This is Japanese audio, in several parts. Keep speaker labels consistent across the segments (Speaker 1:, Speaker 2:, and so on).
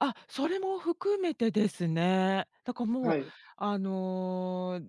Speaker 1: あ、それも含めてですね。だからもう、
Speaker 2: はい。
Speaker 1: あの、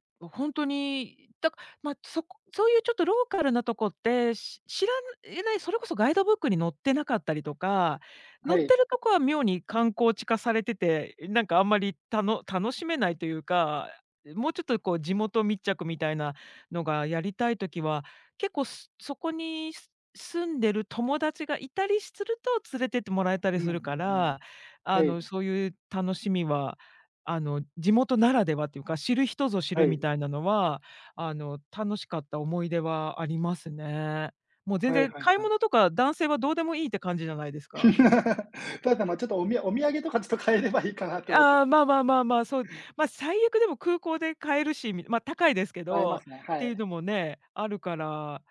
Speaker 1: いほんとに、だかま、そこそういうちょっとローカルなとこって、し知らいえないそれこそガイドブックに載ってなかったりとか、載
Speaker 2: は
Speaker 1: って
Speaker 2: い。
Speaker 1: るとこは妙に観光地化されてて、なんかあんまりたの楽しめないというか、もうちょっとこう地元密着みたいなのがやりたい時は、結構そこにす住んでる友達がいたりすると、連れてってもらえたり
Speaker 2: うんうん
Speaker 1: す
Speaker 2: う
Speaker 1: るか
Speaker 2: ん。
Speaker 1: ら。あ
Speaker 2: はい。
Speaker 1: の、そういう楽しみは、あの、地元ならではっていうか、知る人ぞ知
Speaker 2: は
Speaker 1: るみ
Speaker 2: い。
Speaker 1: たいなのは、あの、楽しかった思い出はありますね。もう全
Speaker 2: はい
Speaker 1: 然
Speaker 2: はい
Speaker 1: 買い
Speaker 2: はい。
Speaker 1: 物とか男性はどうでもいいって感じじゃないですか？
Speaker 2: ただ、ま、ちょっと、おみやお土産とかちょっと買えればいいかなと思ってま
Speaker 1: ああ、まあまあまあまあ、そう。まあ、最悪でも空港で買えるし、みまあ高いですけ
Speaker 2: 買えま
Speaker 1: ど、
Speaker 2: すね、
Speaker 1: っ
Speaker 2: は
Speaker 1: ていう
Speaker 2: い。
Speaker 1: のもね、あるから。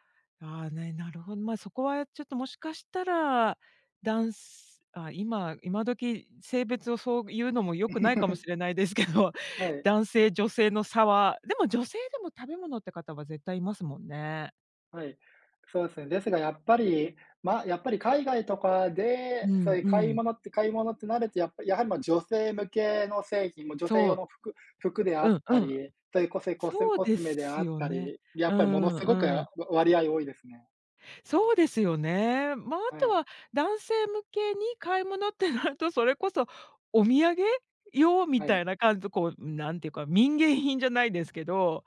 Speaker 1: ああ、ね、なるほど。まあ、そこはちょっともしかしたら、だんすああ、今今時、性別をそういうのも良くないかもし れないですけど、
Speaker 2: はい。
Speaker 1: 男性女性の差は。でも女性でも食べ物って方は絶対いますもんね。
Speaker 2: はい。そうですね。ですがやっぱり、ま、やっぱり海外とかで、
Speaker 1: う
Speaker 2: そう
Speaker 1: ん
Speaker 2: いう
Speaker 1: う
Speaker 2: 買い
Speaker 1: ん。
Speaker 2: 物って買い物ってなるとやっぱりやはり、ま、女性向けの製品、ま、女性
Speaker 1: そ
Speaker 2: 用
Speaker 1: う。
Speaker 2: の服服であ
Speaker 1: う
Speaker 2: っ
Speaker 1: ん
Speaker 2: た
Speaker 1: うん。
Speaker 2: り、そういうこせこせん
Speaker 1: そう
Speaker 2: コス
Speaker 1: で
Speaker 2: メであ
Speaker 1: す
Speaker 2: っ
Speaker 1: よ
Speaker 2: た
Speaker 1: ね。
Speaker 2: り、や
Speaker 1: う
Speaker 2: っぱり物
Speaker 1: ん
Speaker 2: 凄く
Speaker 1: う
Speaker 2: わ
Speaker 1: ん。
Speaker 2: 割合多いですね。
Speaker 1: そうですよね。まあ、あ
Speaker 2: は
Speaker 1: と
Speaker 2: い。
Speaker 1: は男性向けに買い物ってなると、それこそお土産用み
Speaker 2: は
Speaker 1: た
Speaker 2: い。
Speaker 1: いな感じでこう、なんていうか、民芸品じゃないですけど、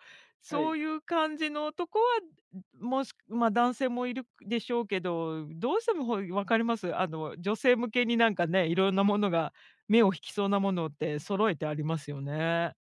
Speaker 2: は
Speaker 1: そ
Speaker 2: い。
Speaker 1: ういう感じのとこは、んもし、ま、男性もいるでしょうけど、どうしてもほい分かります？あの女性向けになんかね、色んなものが目を引きそうなものって揃えてありますよね。